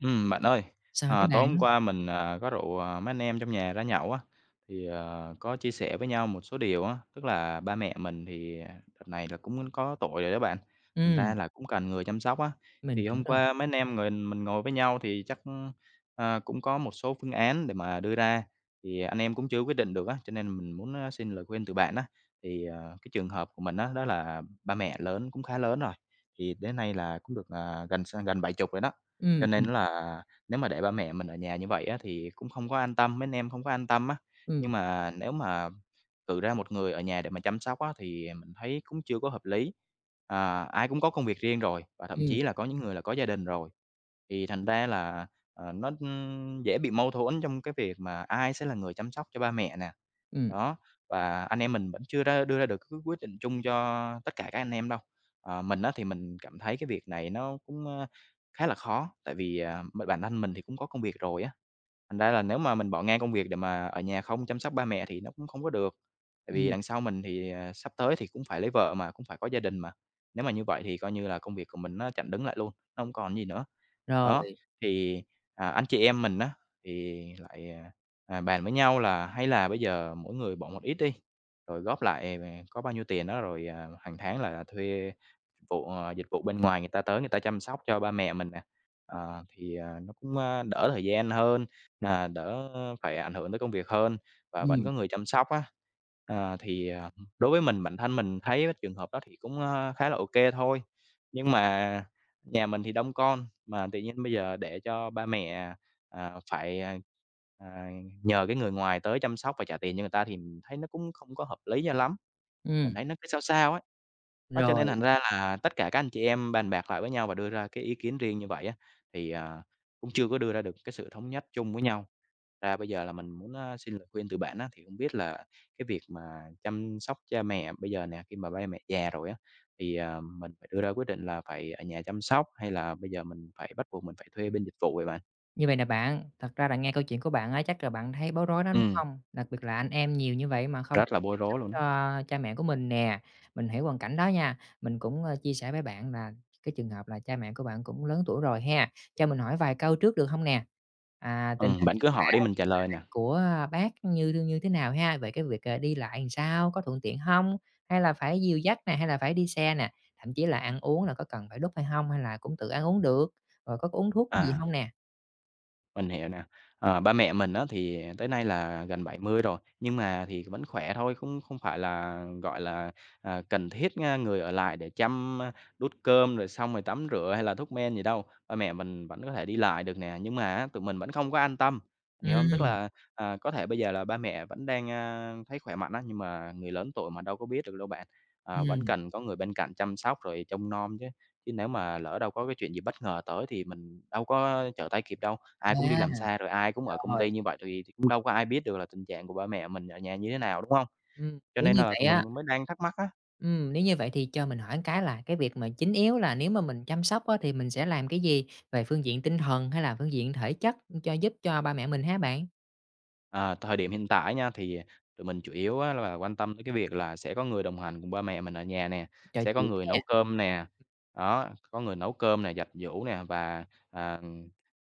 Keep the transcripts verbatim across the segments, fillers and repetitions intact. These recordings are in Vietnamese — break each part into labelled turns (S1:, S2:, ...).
S1: Ừm, bạn ơi,
S2: Sao thế
S1: ờ, tối hôm
S2: bạn?
S1: qua mình, à, có rủ, ờ, mấy anh em trong nhà ra nhậu á, thì, ờ, có chia sẻ với nhau một số điều á. Tức là ba mẹ mình thì, à, đợt này là cũng có tuổi rồi đó bạn, thành
S2: Ừm.
S1: ra là cũng cần người chăm sóc á.
S2: Mình
S1: Thì
S2: hiểu
S1: hôm
S2: rồi.
S1: qua mấy anh em ngình mình ngồi với nhau thì chắc, ờ, cũng có một số phương án để mà đưa ra, thì anh em cũng chưa có quyết định được á, cho nên mình muốn, a, xin lời khuyên từ bạn á. Thì, ờ, cái trường hợp của mình á, đó là ba mẹ lớn, cũng khá lớn rồi, thì đến nay là cũng được, à, gần s gần bảy chục rồi đó, cho
S2: Ừm,
S1: nên
S2: ừm.
S1: là nếu mà để ba mẹ mình ở nhà như vậy á thì cũng không có an tâm, mấy anh em không có an tâm á.
S2: Ừm.
S1: Nhưng mà nếu mà cử ra một người ở nhà để mà chăm sóc á thì mình thấy cũng chưa có hợp lý. Ờ, ai cũng có công việc riêng rồi, và thậm
S2: Ừm.
S1: chí là có những người là có gia đình rồi. Thì thành ra là, à, nó, ưm, dễ bị mâu thuẫn trong cái việc mà ai sẽ là người chăm sóc cho ba mẹ nè.
S2: Ừm.
S1: Đó, và anh em mình vẫn chưa ra đưa ra được cái quyết định chung cho tất cả các anh em đâu. Ờ, mình á thì mình cảm thấy cái việc này nó cũng, a, khá là khó, tại vì, à, b bản thân mình thì cũng có công việc rồi á, thành ra là nếu mà mình bỏ ngang công việc để mà ở nhà không chăm sóc ba mẹ á thì nó cũng không có được. Tại vì
S2: Ừm.
S1: đằng sau mình thì sắp tới thì cũng phải lấy vợ mà, cũng phải có gia đình mà, nếu mà như vậy thì coi như là công việc của mình nó chặn đứng lại luôn, nó hông còn gì nữa. Đó,
S2: Rồi.
S1: thì, à, anh chị em mình á, thì lại, à, à, bàn với nhau là hay là bây giờ mỗi người bỏ một ít đi, rồi góp lại [unintelligible] có bao nhiêu tiền đó rồi, à, hàng tháng là thuê vụ, à, dịch vụ bên ngoài người ta tới người ta chăm sóc cho ba mẹ mình nè, ờ, thì, ờ, nó cũng, ơ, đỡ thời gian hơn, à, đỡ phải ảnh hưởng tới công việc hơn, và vẫn
S2: Ừm.
S1: có người chăm sóc á. Ờ, thì, ờ, đối với mình, bản thân mình thấy trường hợp đó thì cũng, a, khá là ô kê thôi, nhưng mà nhà mình thì đông con, mà tự nhiên bây giờ để cho ba mẹ, ờ, phải, ờ, ờ, nhờ cái người ngoài tới chăm sóc và trả tiền cho người ta thì thấy nó cũng không có hợp lý cho lắm, mình
S2: Ừm.
S1: thấy nó cứ sao sao ấy. Đó, cho nên
S2: Rồi.
S1: thành ra là tất cả các anh chị em bàn bạc lại với nhau và đưa ra cái ý kiến riêng như vậy á, thì, à, cũng chưa có đưa ra được cái sự thống nhất chung với nhau. Ra bây giờ là mình muốn, a, xin lời khuyên từ bạn á, thì hông biết là cái việc mà chăm sóc cha mẹ bây giờ nè, khi mà ba mẹ già rồi á, thì, à, mình phải đưa ra quyết định là phải ở nhà chăm sóc? Hay là bây giờ mình phải bắt buộc mình phải thuê bên dịch vụ vậy bạn?
S2: Như vậy nè bạn, thật ra là nghe câu chuyện của bạn á, chắc là bạn thấy bối rối đó, đúng
S1: Ừm.
S2: hông? Đặc biệt là anh em nhiều như vậy mà không
S1: Rất
S2: chịu
S1: là bối
S2: chăm sóc
S1: rối luôn á.
S2: cho cha mẹ của mình nè. Mình hiểu hoàn cảnh đó nha, mình cũng, ờ, chia sẻ với bạn là cái trường hợp là cha mẹ của bạn cũng lớn tuổi rồi ha. Cho mình hỏi vài câu trước được hông nè? À, tình
S1: Ừm,
S2: hình
S1: bạn
S2: sức
S1: cứ
S2: khỏe
S1: hỏi đi, mình trả lời
S2: hiện
S1: nè.
S2: tại của bác như như thế nào ha? Về cái việc, ờ, đi lại sao, có thuận tiện hông? Hay là phải dìu dắt nè, hay là phải đi xe nè? Thậm chí là ăn uống là có cần phải đút hay hông hay là cũng tự ăn uống được, rồi có uống thuốc gì
S1: À.
S2: hông nè?
S1: Mình hiểu nè. Ờ, ba mẹ mình á, thì tới nay là gần bảy mười rồi, nhưng mà thì vẫn khỏe thôi, cũng không phải là, gọi là, à, cần thiết, a, người ở lại để chăm, a, đút cơm rồi xong rồi tắm rửa hay là thuốc men gì đâu, ba mẹ mình vẫn có thể đi lại được nè. Nhưng mà á, tụi mình vẫn không có an tâm, hiểu hông? Tức
S2: Ừm.
S1: là, à, có thể bây giờ là ba mẹ vẫn đang, ơ, thấy khỏe mạnh á, nhưng mà người lớn tuổi mà đâu có biết được đâu bạn, ờ vẫn
S2: Ừm.
S1: cần có người bên cạnh chăm sóc rồi trông nom chứ, chứ nếu mà lỡ đâu có cái chuyện gì bất ngờ tới thì mình đâu có trở tay kịp đâu. Ai cũng đi làm
S2: A.
S1: xa rồi ai cũng ở công
S2: Rồi.
S1: ty như vậy thì thì cũng đâu có ai biết được là tình trạng của ba mẹ mình ở nhà như thế nào, đúng hông?
S2: Ừm,
S1: Cho
S2: nếu
S1: nên
S2: như
S1: là
S2: vậy
S1: tụi
S2: á
S1: mình m mới đang thắc mắc á.
S2: ừm, nếu như vậy thì cho mình hỏi cái là, cái việc mà chính yếu là, nếu mà mình chăm sóc á, thì mình sẽ làm cái gì về phương diện tinh thần hay là phương diện thể chất, ưm, cho giúp cho ba mẹ mình hả bạn?
S1: À, thời điểm hiện tại á nha, thì, à, tụi mình chủ yếu á là quan tâm đến cái việc là sẽ có người đồng hành cùng ba mẹ mình ở nhà nè,
S2: Trò
S1: sẽ có
S2: chuyện
S1: người
S2: nha.
S1: nấu cơm nè. Đó, có người nấu cơm nè, giặt giũ nè và, ờ,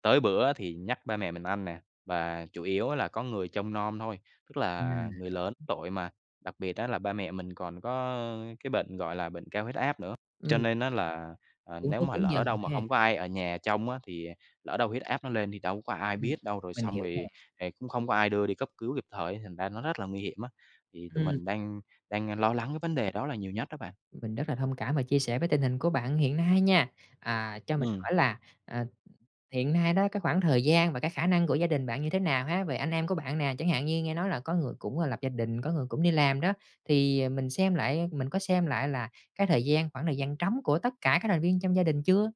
S1: tới bữa thì nhắc ba mẹ mình ăn nè, và chủ yếu là có người trông nom thôi. Tức
S2: Ừm,
S1: là người
S2: rồi.
S1: lớn tuổi mà, đặc biệt á là ba mẹ mình còn có cái bệnh, gọi là, bệnh cao huyết áp nữa. Cho
S2: Ừm.
S1: nên á là, à,
S2: Uống
S1: nếu
S2: thuốc
S1: mà
S2: đúng giờ
S1: lỡ đâu mà
S2: ha.
S1: không có ai ở nhà trông á, thì lỡ đâu huyết áp nó lên thì đâu có ai
S2: Ừ,
S1: biết đâu, rồi
S2: mình
S1: xong
S2: hiểu nè.
S1: rồi thì cũng không có ai đưa đi cấp cứu kịp thời ấy thành ra nó rất là nguy hiểm á. Thì tụi
S2: Ừm.
S1: mình đang đang lo lắng cái vấn đề đó là nhiều nhất đó bạn.
S2: Mình rất là thông cảm và chia sẻ với tình hình của bạn hiện nay nha. À, cho mình
S1: Ừm.
S2: hỏi là, à, hiện nay đó, cái khoảng thời gian và cái khả năng của gia đình bạn như thế nào ha, ề anh em của bạn nè? Chẳng hạn như nghe nói là có người cũng, ơ, lập gia đình, có người cũng đi làm đó, thì mình xem lại mình có xem lại là cái thời gian khoảng thời gian trống của tất cả các thành viên trong gia đình chưa?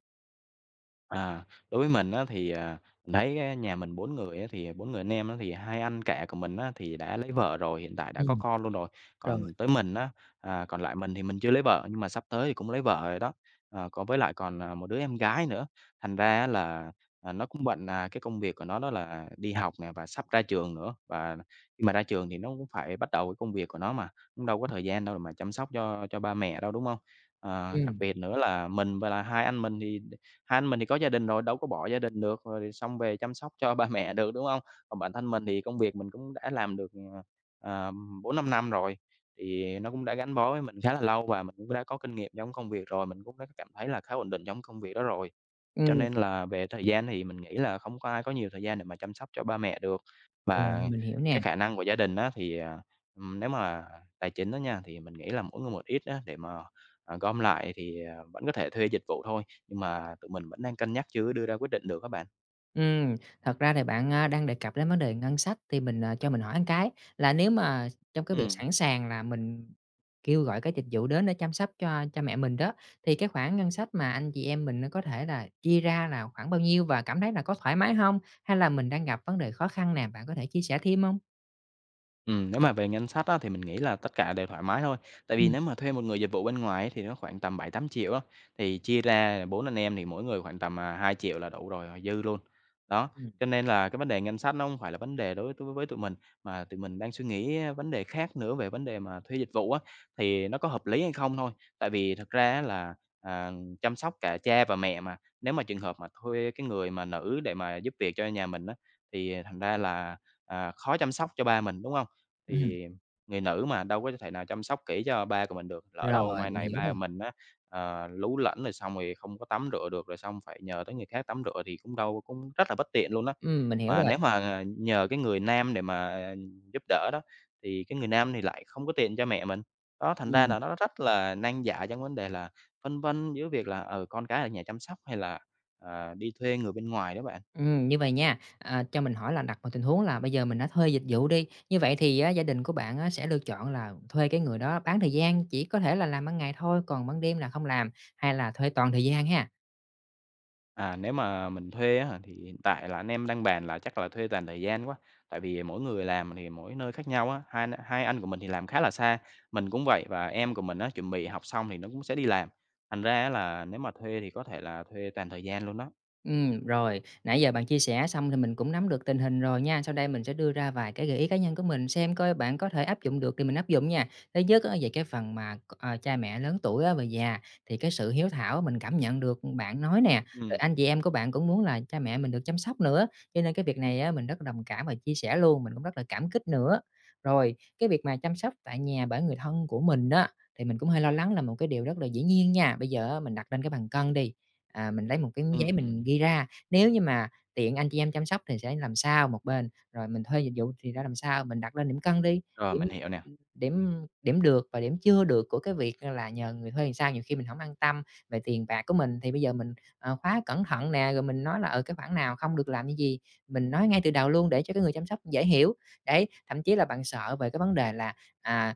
S1: À, đối với mình á thì, à, mình thấy á nhà mình bốn người á, thì bốn người anh em á thì hai anh cả của mình á thì đã lấy vợ rồi, hiện tại đã có
S2: Ừm.
S1: con luôn rồi.
S2: Rồi.
S1: Còn tới mình á, à, còn lại mình thì mình chưa lấy vợ nhưng mà sắp tới thì cũng lấy vợ rồi đó, ờ, có với lại còn, ờ, một đứa em gái nữa, thành ra á là, à, nó cũng bận, à, cái công việc của nó đó là đi học nè và sắp ra trường nữa. Và khi mà ra trường thì nó cũng phải bắt đầu cái công việc của nó mà, cũng đâu có
S2: [unintelligible]
S1: thời gian đâu để mà chăm sóc cho cho ba mẹ đâu, đúng hông? Ờ, đặc
S2: Ừm.
S1: biệt nữa là mình và là hai anh mình thì đ hai anh mình thì có gia đình rồi, đâu có bỏ gia đình được, rồi xong về chăm sóc cho ba mẹ được, đúng hông? Còn bản thân mình thì công việc mình cũng đã làm được, à, à, bốn năm năm rồi, thì nó cũng đã gắn bó với mình khá là lâu và mình cũng đã kinh nghiệm trong công việc rồi. Mình cũng đã cảm thấy là khá ổn định trong công việc đó rồi, cho
S2: Ừm.
S1: nên là về thời gian thì mình nghĩ là không có ai có nhiều thời gian để mà chăm sóc cho ba mẹ được.
S2: Rồi,
S1: Và
S2: mình hiểu
S1: cái
S2: nè.
S1: khả năng của gia đình á thì, ờ, ừ, nếu mà tài chính đó nha, thì mình nghĩ là mỗi người một ít á, để mà, à, gom lại thì, à, vẫn có thể thuê dịch vụ thôi. Nhưng mà tụi mình vẫn đang cân nhắc chưa có đưa ra quyết định được á bạn.
S2: Ừm, thật ra thì bạn, a, đang đề cập đến vấn đề ngân sách thì mình, ờ, cho mình hỏi cái là nếu mà trong cái việc
S1: Ừm.
S2: sẵn sàng là mình kêu gọi cái dịch vụ đến để chăm sóc cho cha mẹ mình đó, thì cái khoản ngân sách mà anh chị em mình á có thể là chia ra là khoảng bao nhiêu? Và cảm thấy nà có thoải mái hông hay là mình đang gặp vấn đề khó khăn nào bạn có thể chia sẻ thêm hông?
S1: Ừm, nếu mà về ngân sách á thì mình nghĩ là tất cả đều thoải mái thôi, tại vì
S2: Ừm.
S1: nếu mà thuê một người dịch vụ bên ngoài á thì nó khoảng tầm bảy tám triệu á, thì chia ra là bốn anh em thì mỗi người khoảng tầm, à, hai triệu là đủ rồi họ dư luôn. Đó,
S2: Ừm.
S1: cho nên là cái vấn đề ngân sách nó hông phải là vấn đề đối với tu với tụi mình, mà tụi mình đang suy nghĩ, a, vấn đề khác nữa về vấn đề mà thuê dịch vụ á, thì nó có hợp lý hay không thôi. Tại vì thực ra á là, à, chăm sóc cả cha và mẹ mà, nếu mà trường hợp mà thuê cái người mà nữ để mà giúp việc cho nhà mình á, thì thành ra là, à, khó chăm sóc cho ba mình, đúng không?
S2: Ừm.
S1: Thì người nữ mà đâu có thể nào chăm sóc kỹ cho ba của mình được, lỡ đâu
S2: Rồi,
S1: mai
S2: mình
S1: này
S2: hiểu
S1: ba
S2: rồi.
S1: mình á, à, lú lẫn rồi xong rồi không có tắm rửa được rồi xong phải nhờ tới người khác tắm rửa thì cũng đâu cũng rất là bất tiện luôn á.
S2: Ừm, mình hiểu
S1: Mà
S2: rồi.
S1: nếu mà nhờ cái người nam để mà giúp đỡ đó, thì cái người nam thì lại không có tiện cho mẹ mình. Đó, thành ra
S2: Ừm.
S1: là nó rất là nan giải trong vấn đề là phân vân giữa việc là, ừ, con cái ở nhà chăm sóc hay là, à, đi thuê người bên ngoài đó bạn.
S2: Ừm, như vầy nha, ờ, cho mình hỏi là đặt vào tình huống là bây giờ mình đã thuê dịch vụ đi, như vậy thì á gia đình của bạn á sẽ lựa chọn là thuê cái người đó bán thời gian, chỉ có thể là làm ban ngày thôi, còn ban đêm là không làm, hay là thuê toàn thời gian ha?
S1: À, nếu mà mình thuê á hả thì hiện tại là anh em đang bàn là chắc là thuê toàn thời gian quá, tại vì mỗi người làm thì mỗi nơi khác nhau á, hai hai anh của mình thì làm khá là xa, mình cũng vậy và em của mình á chuẩn bị học xong thì nó cũng sẽ đi làm. Thành ra á là nếu mà thuê thì có thể là thuê toàn thời gian luôn đó.
S2: Ừm, rồi. Nãy giờ bạn chia sẻ xong thì mình cũng nắm được tình hình rồi nha, sau đây mình sẽ đưa ra vài cái gợi ý cá nhân của mình xem coi bạn có thể áp dụng được thì mình áp dụng nha. Thứ nhất á về cái phần mà c à, cha mẹ lớn tuổi á và già thì cái sự hiếu thảo mình cảm nhận, ừm, được bạn nói nè, rồi
S1: Ừm.
S2: anh chị em của bạn cũng muốn là cha mẹ mình được chăm sóc nữa, cho nên cái việc này á mình rất là đồng cảm và chia sẻ luôn, mình cũng rất là cảm kích nữa. Rồi cái việc mà chăm sóc tại nhà bởi người thân của mình á, thì mình cũng hơi lo lắng là một cái điều rất là dĩ nhiên nha. Bây giờ á mình đặt lên cái bàn cân đi, ờ, mình lấy một cái giấy
S1: Ừm,
S2: mình
S1: ừm.
S2: ghi ra. Nếu như mà tiện anh chị em chăm sóc thì sẽ làm sao một bên, rồi mình thuê dịch vụ thì ra làm sao, mình đặt lên điểm cân đi,
S1: Rồi,
S2: điểm
S1: mình hiểu
S2: [unintelligible]
S1: nè.
S2: điểm điểm được và điểm chưa được của cái việc là nhờ người thuê ừn sao nhiều khi mình hổng an tâm về tiền bạc của mình thì bây giờ mình, ờ, khóa cẩn thận nè, rồi mình nói là, ờ, cái khoản nào không được làm cái gì, mình nói ngay từ đầu luôn để cho cái người chăm sóc dễ hiểu. Đấy, thậm chí là bạn sợ về cái vấn đề là, à,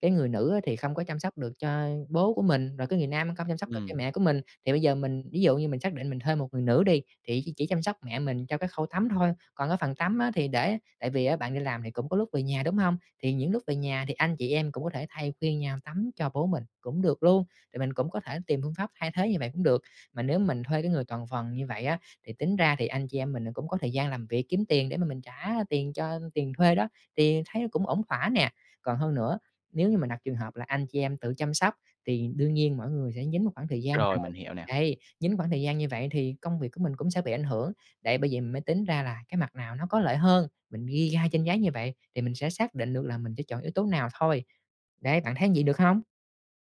S2: cái người nữ á thì không có chăm sóc được cho bố của mình, rồi cái người nam không chăm sóc được cho
S1: Ừm.
S2: mẹ của mình, thì bây giờ mình ví dụ như mình xác định mình thuê một người nữ đi, thì chị chỉ chăm sóc mẹ mình cho cái khâu tắm thôi, còn cái phần tắm á thì để tại vì á bạn đi làm thì cũng có lúc về nhà, đúng hông? Thì những lúc về nhà thì anh chị em cũng có thể thay phiên nhau tắm cho bố mình cũng được luôn, thì mình cũng có thể tìm phương pháp thay thế như vậy cũng được. Mà nếu mình thuê cái người toàn phần như vậy á, thì tính ra thì anh chị em mình là cũng có thời gian làm việc kiếm tiền để mà mình trả tiền cho tiền thuê đó, thì thấy cũng ổn thỏa nè. Còn hơn nữa, nếu như mình đặt trường hợp là anh chị em tự chăm sóc thì đương nhiên mỗi người sẽ nhín một khoảng thời gian
S1: Rồi,
S2: rồi.
S1: mình hiểu nè.
S2: Đấy, nhín khoảng thời gian như vậy thì công việc của mình cũng sẽ bị ảnh hưởng. Đấy, bởi vậy mới tính ra là cái mặt nào nó có lợi hơn, mình ghi ra trên giấy như vậy thì mình sẽ xác định được là mình sẽ chọn yếu tố nào thôi. Đấy, bạn thấy vậy được hông?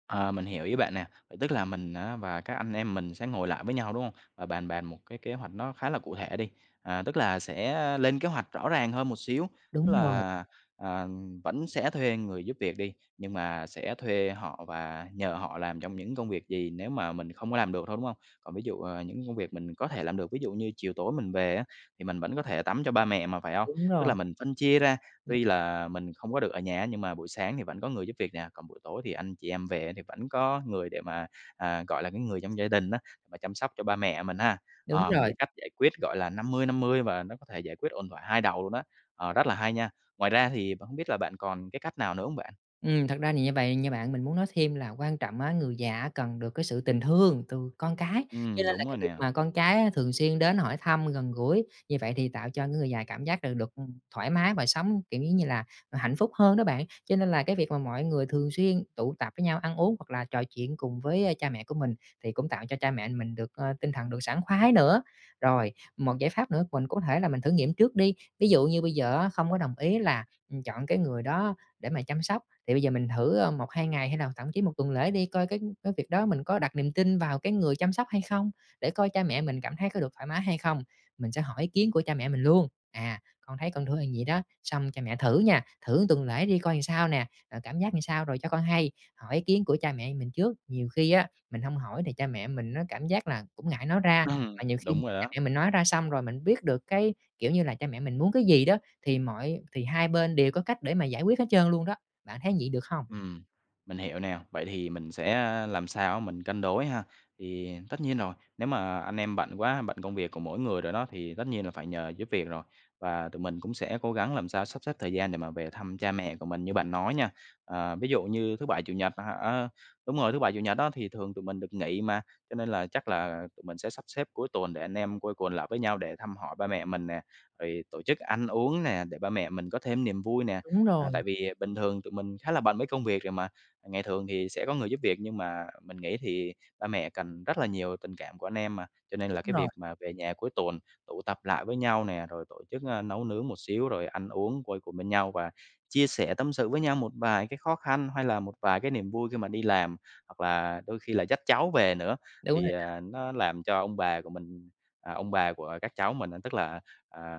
S1: Ờ, mình hiểu ý bạn nè, vậy tức là mình á và các anh em mình sẽ ngồi lại với nhau, đúng hông? Và bàn bạc một cái kế hoạch nó khá là cụ thể đi. À, tức là sẽ lên kế hoạch rõ ràng hơn một xíu. Tức
S2: Đúng rồi.
S1: là, ờ, vẫn sẽ thuê người giúp việc đi, nhưng mà sẽ thuê họ và nhờ họ làm trong những công việc gì nếu mà mình không có làm được thôi, đúng hông? Còn ví dụ, ờ, những công việc mình có thể làm được, ví dụ như chiều tối mình về á, thì mình vẫn có thể tắm cho ba mẹ mà, phải hông?
S2: Đúng
S1: Tức
S2: rồi.
S1: là mình phân chia ra. Tuy
S2: [unintelligible]
S1: là mình không có được ở nhà á, nhưng mà buổi sáng thì vẫn có người giúp việc nè, còn buổi tối thì anh chị em về á, thì vẫn có người để mà à, gọi là, cái người trong gia đình á, mà chăm sóc cho ba mẹ mình ha.
S2: Đúng
S1: Ờ, một
S2: rồi.
S1: cái cách giải quyết, gọi là, năm mươi năm mươi và nó có thể giải quyết ổn thỏa hai đầu luôn á, ờ, rất là hay nha. Ngoài ra thì b hông biết là bạn còn cái cách nào nữa hông bạn?
S2: Ừm, thật ra nì như vậy nha bạn, mình muốn nói thêm là quan trọng á, người già á cần được cái sự tình thương từ con cái, cho
S1: Ừm,
S2: nên là
S1: đúng
S2: cái
S1: rồi
S2: việc
S1: nè.
S2: mà con cái á thường xuyên đến hỏi thăm, gần gũi như vậy thì tạo cho cái người già cảm giác là được, ừm, thoải mái và sống, kiểu, giống như là, ờ, hạnh phúc hơn đó bạn. Cho nên là cái việc mà mọi người thường xuyên tụ tập với nhau ăn uống hoặc là trò chuyện cùng với, ơ, cha mẹ của mình thì cũng tạo cho cha mẹ mình được, ơ, tinh thần được sảng khoái nữa. Rồi, một giải pháp nữa mình có thể là mình thử nghiệm trước đi, ví dụ như bây giờ á, không có đồng ý là, ừm, chọn cái người đó để mà chăm sóc thì bây giờ mình thử, ơ, một, hai ngày hay là thậm chí một tuần lễ đi, coi cái cái việc đó mình có đặt niềm tin vào cái người chăm sóc hay không, để coi cha mẹ mình cảm thấy có được thoải mái hay không. Mình sẽ hỏi ý kiến của cha mẹ mình luôn: "À, con thấy con thử là vậy đó, xong cha mẹ thử nha, thử tuần lễ đi coi làm sao nè, rồi cảm giác làm sao rồi cho con hay." Hỏi ý kiến của cha mẹ mình trước, nhiều khi á mình hông hỏi thì cha mẹ á mình cảm giác là cũng ngại nói ra, mà
S1: Ừm,
S2: nhiều khi
S1: đúng rồi
S2: cha
S1: đó.
S2: mẹ mình nói ra xong rồi mình biết được cái kiểu như là cha mẹ mình muốn cái gì đó, thì mọi thì hai bên đều có cách để mà giải quyết hết trơn luôn đó. Bạn thấy vậy được không?
S1: Ừm, mình hiểu nè, vậy thì mình sẽ, a, làm sao á mình cân đối ha. Thì tất nhiên rồi, nếu mà anh em bận quá, bận công việc của mỗi người rồi đó thì tất nhiên là phải nhờ giúp việc rồi, và tụi mình cũng sẽ cố gắng làm sao sắp xếp thời gian để mà về thăm cha mẹ của mình như bạn nói nha. Ờ, ví dụ như thứ Bảy, Chủ nhật à, a, đúng rồi, thứ Bảy, Chủ nhật á thì thường tụi mình được nghỉ mà, cho nên là chắc là tụi mình sẽ sắp xếp cuối tuần để anh em quây quần lại với nhau để thăm hỏi ba mẹ mình nè, rồi tổ chức ăn uống nè, để ba mẹ mình có thêm niềm vui nè.
S2: Đúng
S1: À,
S2: rồi.
S1: tại vì bình thường tụi mình khá là bận với công việc rồi mà. Ngày thường thì sẽ có người giúp việc, nhưng mà mình nghĩ thì ba mẹ cần rất là nhiều tình cảm của anh em mà, cho nên
S2: Đúng
S1: là cái
S2: rồi.
S1: việc mà về nhà cuối tuần tụ tập lại với nhau nè, rồi tổ chức, ơ, nấu nướng một xíu rồi ăn uống quây quần bên nhau và chia sẻ, tâm sự với nhau một vài cái khó khăn hay là một vài cái niềm vui khi mà đi làm, hoặc là đôi khi là dắt cháu về nữa
S2: Đúng rồi
S1: thì,
S2: đó.
S1: à, nó làm cho ông bà của mình ờ, ông bà của các cháu mình á, tức là, à,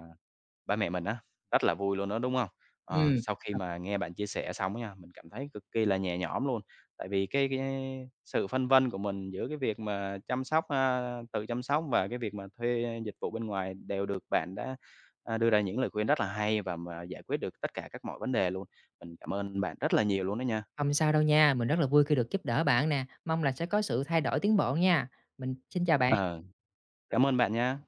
S1: ba mẹ mình á, rất là vui luôn đó, đúng hông? Ờ,
S2: Ừm.
S1: sau khi
S2: Thật
S1: mà nghe bạn chia sẻ xong á nha, mình cảm thấy cực kỳ là nhẹ nhõm luôn. Tại vì cái cái sự phân vân của mình giữa cái việc mà chăm sóc, a tự chăm sóc và cái việc mà thuê dịch vụ bên ngoài đều được bạn đã, a, đưa ra những lời khuyên rất là hay và mà giải quyết được tất cả các mọi vấn đề luôn. Mình cảm ơn bạn rất là nhiều luôn đó nha!
S2: Không sao đâu nha, mình rất là vui khi được giúp đỡ bạn nè, mong là sẽ có sự thay đổi tiến bộ nha. Mình xin chào bạn.
S1: Ờ, cảm ơn bạn nha.